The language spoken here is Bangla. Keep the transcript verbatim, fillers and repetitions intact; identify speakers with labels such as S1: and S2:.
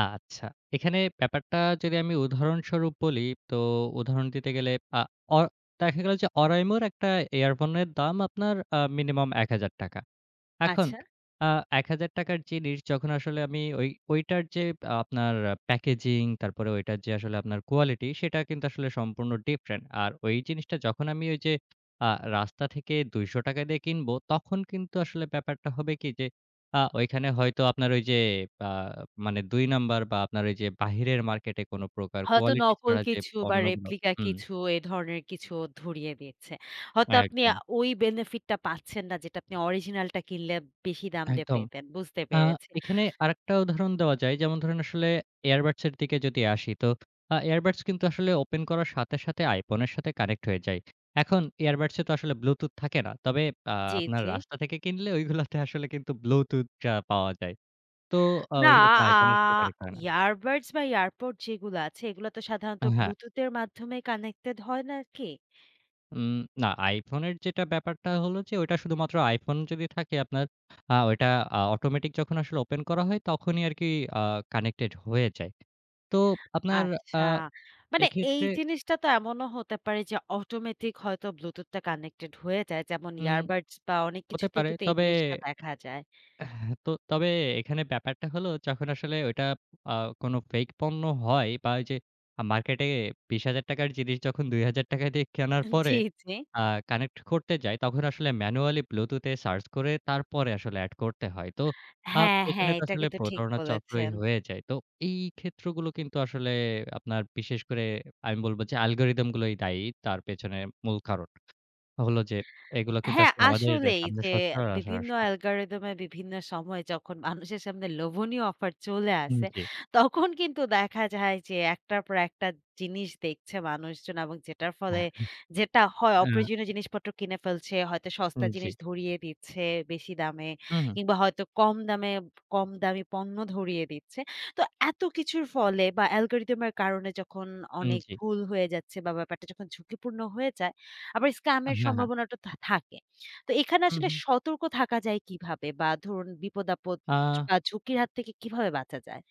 S1: আচ্ছা। এখানে ব্যাপারটা যদি আমি উদাহরণস্বরূপ বলি, তো উদাহরণ দিতে গেলে আ অ দেখা গেল যে, oraimo একটা ইয়ারফোনের দাম আপনার আ মিনিমাম এক হাজার টাকা এখন
S2: আচ্ছা।
S1: আ এক হাজার টাকা র জিনিস যখন আসলে আমি ঐ ঐটার যে, আপনার প্যাকেজিং তারপরে ঐটার যে, আসলে আপনার কোয়ালিটি সেটা কিন্তু আসলে সম্পূর্ণ ডিফারেন্ট। আর ওই জিনিসটা যখন আমি ওই যে। আ রাস্তা থেকে দুইশো টাকা দিয়ে কিনব, তখন কিন্তু আসলে ব্যাপারটা হবে কি যে, আ ওইখানে হয়তো আপনার ওই যে, আ মানে দুই নাম্বার বা আপনার ওই যে, বাহিরের মার্কেটে কোনো প্রকার
S2: হয়তো
S1: কোয়ালিটি
S2: নকল
S1: ছাড়া যে,
S2: কিছু বা
S1: পণ্যগুলো
S2: রেপ্লিকা
S1: হুম।
S2: কিছু এ ধরনের কিছু ধরিয়ে দিচ্ছে। হয়তো আপনি
S1: একদম।
S2: ওই বেনিফিট টা পাচ্ছেন না যেটা আপনি অরিজিনাল টা কিনলে বেশি দাম দিয়ে
S1: একদম।
S2: পেতেন। বুঝতে
S1: আ
S2: পেরেছি।
S1: এখানে আরেকটা উদাহরণ দেওয়া যায়। যেমন ধরুন আসলে এয়ারবাডসের দিকে যদি আসি তো আ এয়ারবাডস কিন্তু আসলে ওপেন করার সাথে, সাথে iPhone এর সাথে কানেক্ট হয়ে যায়। এখন এয়ারবাডসে তো আসলে ব্লুটুথ থাকে না। তবে আ
S2: জি,
S1: আপনার
S2: জি।
S1: রাস্তা থেকে কিনলে ঐগুলোতে আসলে কিন্তু ব্লুটুথ পাওয়া যায়। তো আ
S2: না
S1: ওই
S2: আ
S1: iPhone এর সাথে কানেক্ট হয় না।
S2: এবারডস বা এয়ারপড যেগুলা আছে, এগুলা তো সাধারণত
S1: হ্যাঁ।
S2: ব্লুটুথ এর মাধ্যমে কানেক্টেড হয় নাকি?
S1: উম না iPhone এর যেটা ব্যাপারটা হল যে, ঐটা শুধুমাত্র iPhone যদি থাকে আপনার আ ওইটা আ অটোমেটিক যখন আসলে ওপেন করা হয় তখনই আরকি আ কানেক্টেড হয়ে যায়। তো আপনার আ
S2: আচ্ছা। মানে এই
S1: এক্ষেত্রে
S2: জিনিসটা তো এমনও হতে পারে যে, অটোমেটিক হয়তো ব্লুটুথ টা কানেক্টেড হয়ে যায়। যেমন
S1: হুম,
S2: এবারডস বা অনেক
S1: হতে
S2: কিছুতেই
S1: পারে।
S2: কিন্তু এই
S1: তবে
S2: জিনিসটা দেখা যায়।
S1: এহ তো তবে এখানে ব্যাপারটা হলো যখন আসলে ওইটা আ কোনো ফেক পণ্য হয়, বা ওই যে, মার্কেটে বিশ হাজার টাকা র জিনিস যখন দুই হাজার টাকা দিয়ে কেনার পরে
S2: জি, জি।
S1: আ কানেক্ট করতে যায় তখন আসলে ম্যানুয়ালি ব্লুটুথ এ সার্চ করে তারপরে আসলে এড করতে হয়। তো আ
S2: হ্যাঁ,
S1: এখানে
S2: হ্যাঁ,
S1: তো
S2: এটা
S1: আসলে
S2: কিন্তু ঠিক
S1: প্রতারণা চক্রই
S2: বলেছেন।
S1: হয়ে যায়। তো এই ক্ষেত্রগুলো কিন্তু আসলে আপনার বিশেষ করে আমি বলব যে, অ্যালগরিথম গুলোই দায়ী। তার পেছনে মূল কারণ হল যে, এগুলো কিন্তু
S2: হ্যাঁ,
S1: আসলে আমাদের
S2: আসলেই
S1: সামনে
S2: যে, বিভিন্ন
S1: [unintelligible]
S2: অ্যালগরিথম এ বিভিন্ন সময় যখন মানুষের সামনে লোভনীয় অফার চলে
S1: হুম,
S2: আসে,
S1: জি।
S2: তখন কিন্তু দেখা যায় যে, এক টার পর একটা জিনিস দেখছে মানুষজন এবং যেটার ফলে যেটা হয়
S1: অ্যা
S2: অপ্রয়োজনীয় জিনিসপত্র কিনে ফেলছে, হয়তো
S1: উম
S2: সস্তা
S1: জি।
S2: জিনিস ধরিয়ে দিচ্ছে বেশি দামে
S1: হু, হুম।
S2: কিংবা হয়তো কম দামে কম দামি পণ্য ধরিয়ে দিচ্ছে। তো এত কিছুর ফলে বা অ্যালগরিথম এর কারণে যখন
S1: উম
S2: অনেক
S1: জি।
S2: ভুল হয়ে যাচ্ছে বা ব্যাপারটা যখন ঝুঁকিপূর্ণ হয়ে যায়। আবার স্কাম এর
S1: হ্যাঁ, হ্যাঁ।
S2: সম্ভাবনাটা তো থাকে। তো এখানে
S1: হুম,
S2: আসলে
S1: হুম।
S2: সতর্ক থাকা যায় কিভাবে? বা ধরুন বিপদ-আপদ
S1: আ
S2: বা ঝুঁকির হাত থেকে কিভাবে বাঁচা যায়?